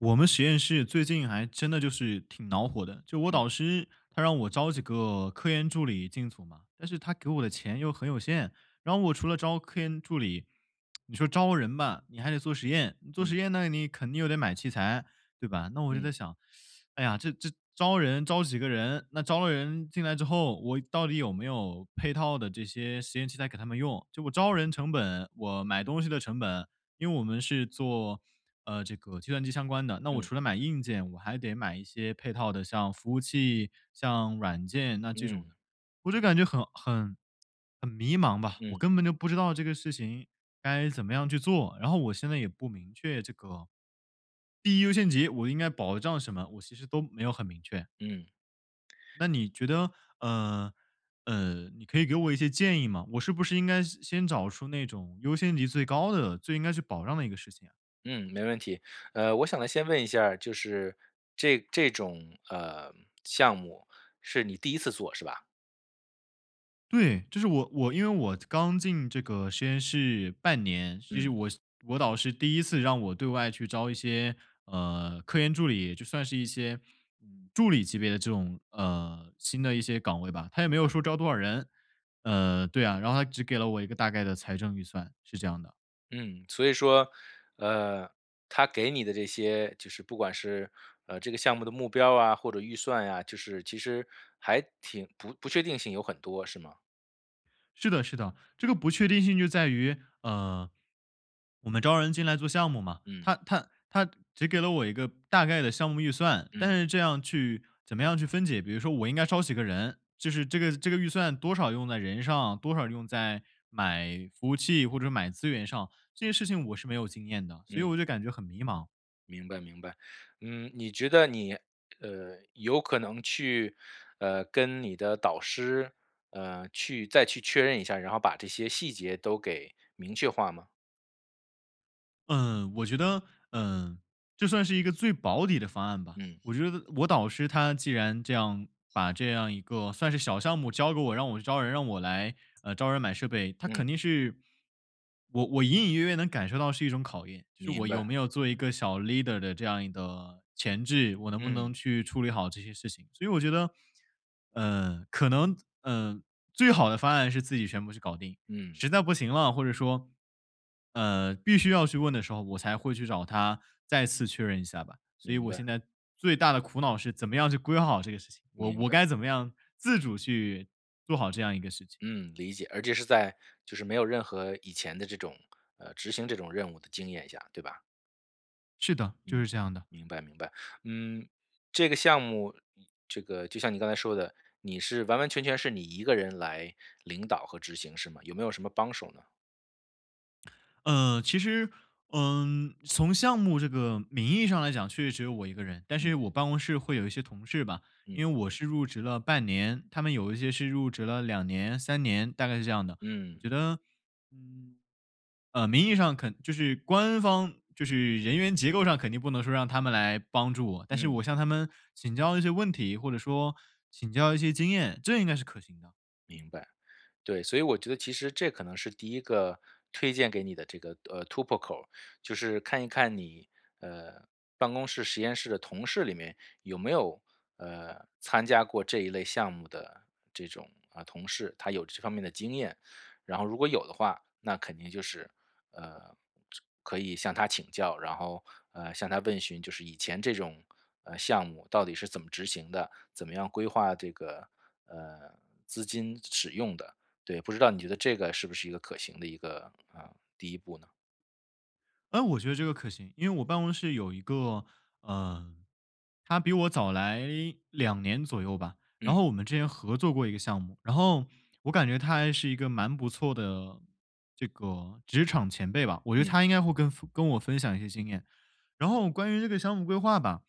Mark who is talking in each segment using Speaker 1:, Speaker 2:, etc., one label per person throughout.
Speaker 1: 我们实验室最近还真的就是挺恼火的，就我
Speaker 2: 嗯。
Speaker 1: 导师他让我招几个科研助理进组嘛，但是他给我的钱又很有限，然后我除了招科研助理 你说招人吧，你还得做实验，你做实
Speaker 2: 嗯。
Speaker 1: 验呢，你肯定又得买器材，对吧？那我就在
Speaker 2: 嗯。
Speaker 1: 想，哎呀，这这招人，招几个人？那招了人进来之后，我到底有没有配套的这些实验器材给他们用？就我招人成本，我买东西的成本因为我们是做，呃这个计算机相关的，那我
Speaker 2: 嗯。
Speaker 1: 除了买硬件我还得买一些配套的像服务器、像软件那这
Speaker 2: 嗯。
Speaker 1: 种的，我就感觉很很很迷茫吧，我
Speaker 2: 嗯。
Speaker 1: 根本就不知道这个事情该怎么样去做，然后我现在也不明确这个，第一优先级，我应该保障什么，我其实都没有很明确。
Speaker 2: 嗯。
Speaker 1: 那你觉得，呃，呃，你可以给我一些建议吗？我是不是应该先先找出那种优先级最高的，最应该去保障的一个事情啊。
Speaker 2: 嗯，没问题，呃，我想先问一下儿，就是这这种，呃，项目是你第1次做是吧？
Speaker 1: 对，就是我我因为我刚进这个实验室半年，这是
Speaker 2: 嗯。
Speaker 1: 我我导师第1次让我对外去招一些，呃，科研助理，就算是一些助理级别的这种，呃新的一些岗位吧。他也
Speaker 2: 明
Speaker 1: 没有
Speaker 2: 白。
Speaker 1: 说招多少人。呃，对啊，然后他只给了我一个大概的财政预算，是这样的。
Speaker 2: 嗯。所以说，呃，他给你的这些就是不管是，呃这个项目的目标啊或者预算啊，就是其实还挺不不确定性有很多是吗？
Speaker 1: 是的是的，这个不确定性就在于，呃，我们招人进来做项目嘛，
Speaker 2: 嗯。
Speaker 1: 他他他只给了我一个大概的项目预算。但
Speaker 2: 嗯。
Speaker 1: 是这样去怎么样去分解，比如说我应该招几个人，就是这个这个预算多少用在人上，多少用在买服务器或者买资源上，这些事情我是没有经验的，所以
Speaker 2: 嗯。
Speaker 1: 我就感觉很迷茫。
Speaker 2: 明白明白。嗯，你觉得你呃，有可能去，呃，跟你的导师，呃，去再去确认一下，然后把这些细节都给明确化吗？
Speaker 1: 嗯，我觉得，呃这算是一个最保底的方案吧。
Speaker 2: 嗯。
Speaker 1: 我觉得我导师他既然这样把这样一个算是小项目交给我，让我去招人，让我来，呃，招人买设备，他
Speaker 2: 嗯。
Speaker 1: 肯定是我我隐隐约约能感受到是一种考验，就是
Speaker 2: 明
Speaker 1: 我有
Speaker 2: 白。
Speaker 1: 没有做一个小 leader 的这样一个潜质，我能不能
Speaker 2: 嗯。
Speaker 1: 去处理好这些事情。所以我觉得，呃可能，呃最好的方案是自己全部去搞定，
Speaker 2: 嗯。
Speaker 1: 实在不行了，或者说，呃必须要去问的时候，我才会去找他再次确认一下吧，所以
Speaker 2: 明
Speaker 1: 我现
Speaker 2: 白。
Speaker 1: 在最大的苦恼是怎么样去规划好这个事情，我
Speaker 2: 明
Speaker 1: 我
Speaker 2: 白。
Speaker 1: 该怎么样自主去做好这样一个事情。
Speaker 2: 嗯，理解，而且是在就是没有任何以前的这种，呃执行这种任务的经验下，对吧？
Speaker 1: 是的，就
Speaker 2: 嗯，
Speaker 1: 是这样的。
Speaker 2: 明白明白，嗯这个项目，这个就像你刚才说的，你是完完全全是你一个人来领导和执行是吗？有没有什么帮手呢？
Speaker 1: 呃，其实，嗯从项目这个名义上来讲，确实只有我一个人，但是
Speaker 2: 嗯。
Speaker 1: 我办公室会有一些同事吧，因
Speaker 2: 嗯。
Speaker 1: 为我是入职了半年，他们有一些是入职了2年3年，大概是这样的，我
Speaker 2: 嗯。
Speaker 1: 觉得，嗯，呃，名义上肯就是官方就是人员结构上肯定不能说让他们来帮助我，但是
Speaker 2: 嗯。
Speaker 1: 我向他们请教一些问题，或者说请教一些经验，这应该是可行的。
Speaker 2: 明白。对，所以我觉得其实这可能是第一个推荐给你的这个，呃，突破口，就是看一看你，呃，办公室、实验室的同事里面有没有，呃，参加过这一类项目的这种，啊，同事，他有这方面的经验。然后如果有的话，那肯定就是，呃，就可以向他请教，然后，呃，向他问询就是以前这种，呃，项目到底是怎么执行的，怎么样规划这个，呃，资金使用的，对。不知道你觉得这个是不是一个可行的一个，啊，第一步呢？
Speaker 1: 呃，我觉得这个可行，因为我办公室有一个，呃他比我早来2年左右吧，然
Speaker 2: 嗯。
Speaker 1: 后我们之前合作过一个项目，然后我感觉他还是一个蛮不错的这个职场前辈吧，我觉得
Speaker 2: 嗯。
Speaker 1: 他应该会跟跟我分享一些经验。然后关于这个项目规划吧，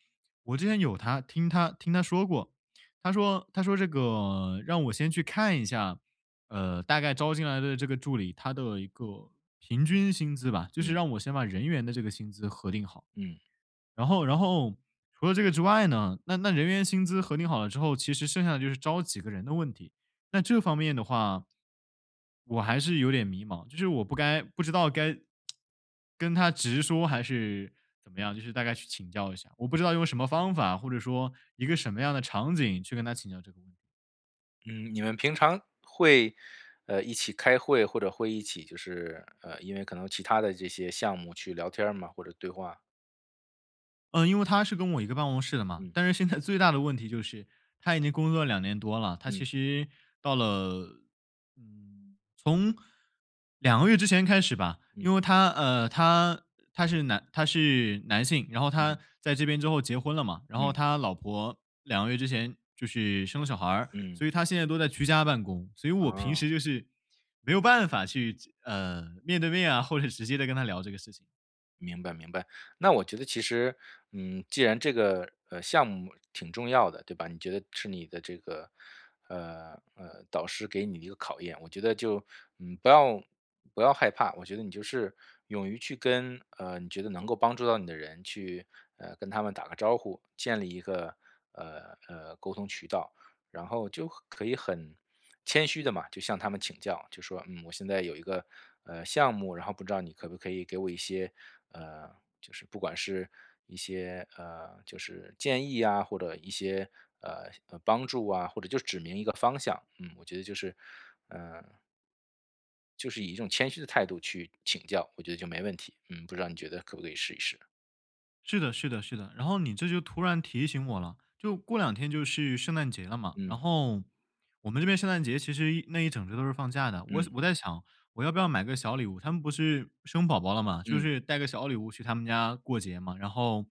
Speaker 1: 我之前有他听他听他说过，他说他说这个让我先去看一下，呃，大概招进来的这个助理，他的一个平均薪资吧，就是
Speaker 2: 嗯。
Speaker 1: 让我先把人员的这个薪资核定好。
Speaker 2: 嗯。
Speaker 1: 然后然后，除了这个之外呢，那那人员薪资核定好了之后，其实剩下的就是招几个人的问题，那这方面的话我还是有点迷茫，就是我不该不知道该 跟他直说还是怎么样，就是大概去请教一下，我不知道用什么方法，或者说一个什么样的场景去跟他请教这个问题。
Speaker 2: 嗯，你们平常会，呃，一起开会，或者会一起就是呃，因为可能其他的这些项目去聊天吗，或者对话？
Speaker 1: 嗯，因为他是跟我一个办公室的嘛。
Speaker 2: 嗯。
Speaker 1: 但是现在最大的问题就是他已经工作了2年多了，他
Speaker 2: 嗯。
Speaker 1: 其实到了嗯，从2个月之前开始吧，
Speaker 2: 嗯。
Speaker 1: 因为他呃，他他是男他是男性，然后他
Speaker 2: 嗯。
Speaker 1: 在这边之后结婚了嘛。然后
Speaker 2: 嗯。
Speaker 1: 他老婆2个月之前就是生小孩儿，所
Speaker 2: 嗯。
Speaker 1: 以他现在都在居家办公。所以我平
Speaker 2: 啊。
Speaker 1: 时就是没有办法去这呃，面对面啊，或者直接地跟他聊这个事情。
Speaker 2: 明白明白。那我觉得其实，嗯既然这个，呃，项目挺重要的，对吧？你觉得是你的这个，呃呃，导师给你的一个考验。我觉得就，嗯，不要不要害怕，我觉得你就是勇于去跟呃，你觉得能够帮助到你的人去，呃，跟他们打个招呼建立一个，呃呃沟通渠道。然后就可以很谦虚地嘛，就向他们请教，就说：”嗯，我现在有一个，呃，项目，然后不知道你可不可以给我一些，呃就是不管是一些，呃，就是建议啊，或者一些，呃呃，帮助啊，或者就指明一个方向。“嗯，我觉得就是，呃就是以一种谦虚的态度去请教，我觉得就没问题。嗯，不知道你觉得可不可以试一试？
Speaker 1: 是的是的是的，然后你这就突然提醒我了，就过两天就是圣诞节了嘛，然
Speaker 2: 嗯。
Speaker 1: 后我们这边圣诞节其实一那一整周都是放假的。我想
Speaker 2: 嗯。
Speaker 1: 我在想我要不要买个小礼物？他们不是生宝宝了嘛，就
Speaker 2: 嗯。
Speaker 1: 是带个小礼物去他们家过节嘛。然后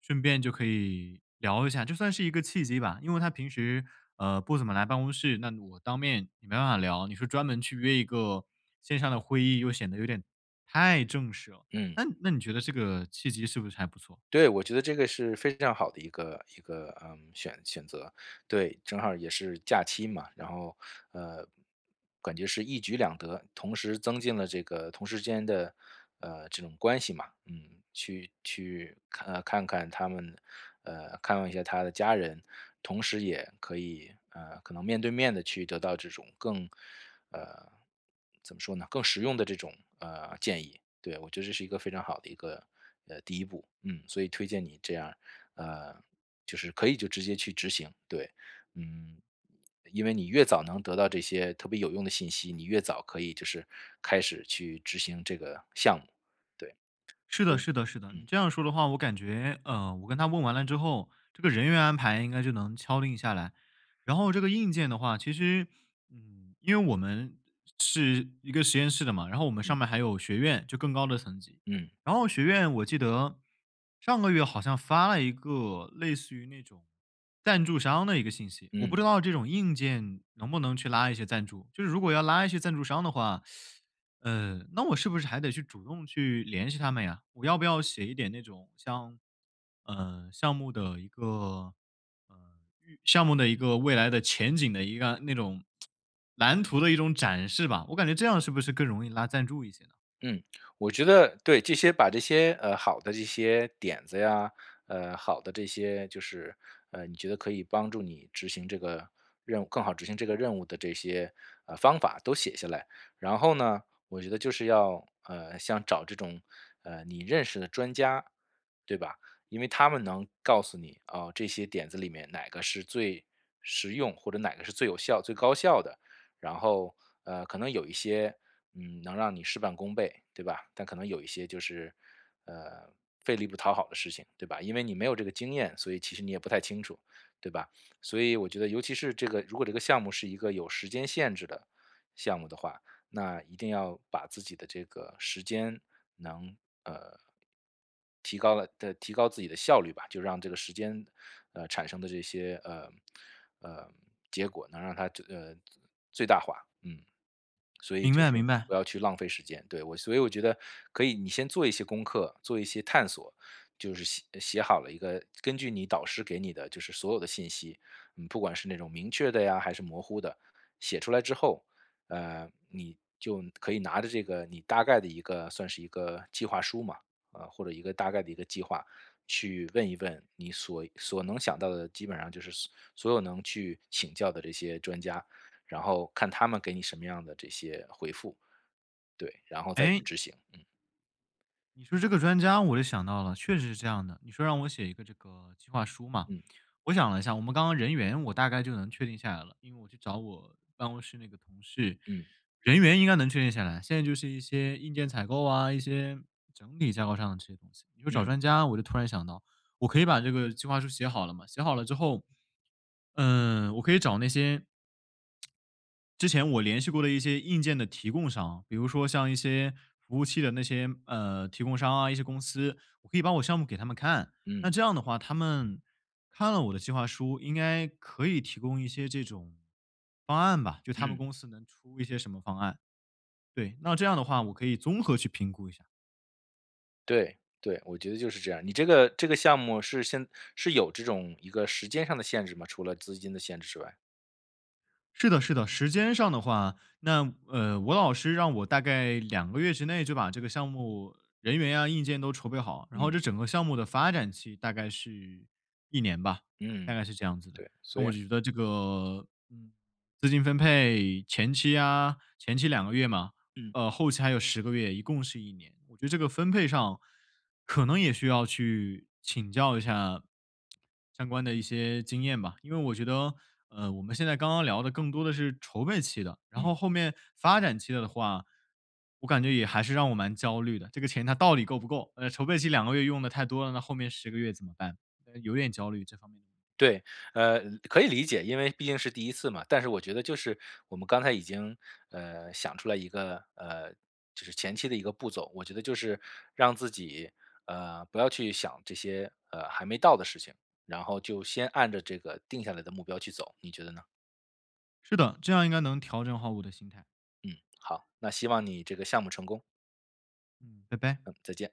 Speaker 1: 顺便就可以聊一下，就算是一个契机吧，因为他平时，呃，不怎么来办公室，那我当面没办法聊。你说专门去约一个线上的会议，又显得有点太正式了，
Speaker 2: 嗯。
Speaker 1: 那那你觉得这个契机是不是还不错？
Speaker 2: 对，我觉得这个是非常好的一个一个，呃，选选择。对，正好也是假期嘛，然后，呃，感觉是一举两得。同时增进了这个同事之间的，呃，这种关系嘛，嗯，去去看呃，看看他们呃，看望一下他的家人，同时也可以呃，可能面对面地去得到这种更呃，怎么说呢，更实用的这种，呃，建议，对。我觉得这是一个非常好的一个，呃，第一步。嗯，所以推荐你这样，呃，就是可以就直接去执行，对，嗯。因为你越早能得到这些特别有用的信息，你越早可以就是开始去执行这个项目，对。
Speaker 1: 是 的是的是的，你
Speaker 2: 嗯。
Speaker 1: 这样说的话，我感觉呃，我跟他问完了之后，这个人员安排应该就能敲定下来。然后这个硬件的话，其实嗯，因为我们是一个实验室的嘛，然后我们上
Speaker 2: 嗯。
Speaker 1: 面儿还有学院，就更高的层级。
Speaker 2: 嗯。
Speaker 1: 然后学院我记得上个月好像发了一个类似于那种赞助商的一个信息，我不
Speaker 2: 嗯。
Speaker 1: 知道这种硬件能不能去拉一些赞助。就是如果要拉一些赞助商的话，呃，那我是不是还得去主动去联系他们呀？我要不要写一点那种像，呃，项目的一个，呃，预项目的一个未来的前景的一个那种 蓝图的一种展示吧。我感觉这样是不是更容易拉赞助一些呢？
Speaker 2: 嗯，我觉得对这些把这些，呃，好的这些点子呀，呃，好的这些就是，呃，你觉得可以帮助你执行这个任务更好执行这个任务的这些，呃方法都写下来。然后呢，我觉得就是要，呃，像找这种，呃，你认识的专家，对吧？因为他们能告诉你。啊，这些点子里面哪个是最实用或者哪个是最有效、最高效的，然后，呃，可能有一些，嗯，能让你事半功倍，对吧？但可能有一些就是，呃费力不讨好的事情，对吧？因为你没有这个经验，所以其实你也不太清楚，对吧？所以我觉得尤其是这个如果这个项目是一个有时间限制的项目的话，那一定要把自己的这个时间能呃，提高了的提高自己的效率吧，就让这个时间，呃，产生的这些，呃呃，结果能让他，呃，最大化，嗯。所以
Speaker 1: 明
Speaker 2: 就
Speaker 1: 白
Speaker 2: 是
Speaker 1: 明白。
Speaker 2: 不要去浪费时间，对。所以我觉得可以你先做一些功课、做一些探索，就是写写好了一个根据你导师给你的就是所有的信息，不管是那种明确的呀，还是模糊的，写出来之后，呃你就可以拿着这个你大概的一个算是一个计划书嘛，啊，或者一个大概的一个计划，去问一问你所所能想到的基本上就是所所有能去请教的这些专家，然后看他们给你什么样的这些回复。对，然后再去
Speaker 1: 哎。
Speaker 2: 执行。嗯。
Speaker 1: 你说这个专家我就想到了，确实是这样的。你说让我写一个这个计划书嘛，
Speaker 2: 嗯。
Speaker 1: 我想了一下，我们刚刚人员我大概就能确定下来了。因为我去找我办公室那个同事，
Speaker 2: 嗯。
Speaker 1: 人员应该能确定下来，现在就是一些硬件采购啊、一些整体架构上的这些东西。你说找
Speaker 2: 嗯。
Speaker 1: 专家我就突然想到，我可以把这个计划书写好了嘛。写好了之后，嗯，我可以找那些 之前我联系过的一些硬件的提供商，比如说像一些服务器的那些，呃，提供商啊，一些公司，可以把我项目给他们看。那
Speaker 2: 嗯。
Speaker 1: 这样的话，他们看了我的计划书，应该可以提供一些这种方案吧，就他们
Speaker 2: 嗯。
Speaker 1: 公司能出一些什么方案，对。那这样的话我可以综合去评估一下。
Speaker 2: 对，对，我觉得就是这样。你这个这个项目是先是有这种一个时间上的限制吗，除了资金的限制之外？
Speaker 1: 是的是的。时间上的话，那，呃，我老师让我大概2个月之内就把这个项目人员啊、硬件都筹备好，然后这
Speaker 2: 嗯。
Speaker 1: 整个项目的发展期大概是1年吧，大
Speaker 2: 嗯，
Speaker 1: 概是这样子的。
Speaker 2: 对，
Speaker 1: 那
Speaker 2: 所以
Speaker 1: 我觉得这个，嗯，资金分配，前期啊，前期2个月嘛，
Speaker 2: 嗯。
Speaker 1: 呃，后期还有10个月，一共是1年。我觉得这个分配上可能也需要去请教一下 相关的一些经验吧。因为我觉得，呃，我们现在刚刚聊的更多的是筹备期的，然后
Speaker 2: 嗯。
Speaker 1: 后面发展期了的话，我感觉也还是让我蛮焦虑的。这个钱它到底够不够？呃，筹备期2个月用得太多了，那后面10个月怎么办？呃，有点焦虑。
Speaker 2: 对，呃，可以理解，因为毕竟是第1次嘛。但是我觉得就是，我们刚才已经，呃，想出来一个呃，就是前期的一个步骤。我觉得就是让自己，呃，不要去想这些，呃，还没到的事情，然后就先按着这个定下来的目标去走，你觉得呢？
Speaker 1: 是的，这样应该能调整好我的心态。
Speaker 2: 嗯，好，那希望你这个项目成功。
Speaker 1: 嗯，拜拜。
Speaker 2: 嗯，再见。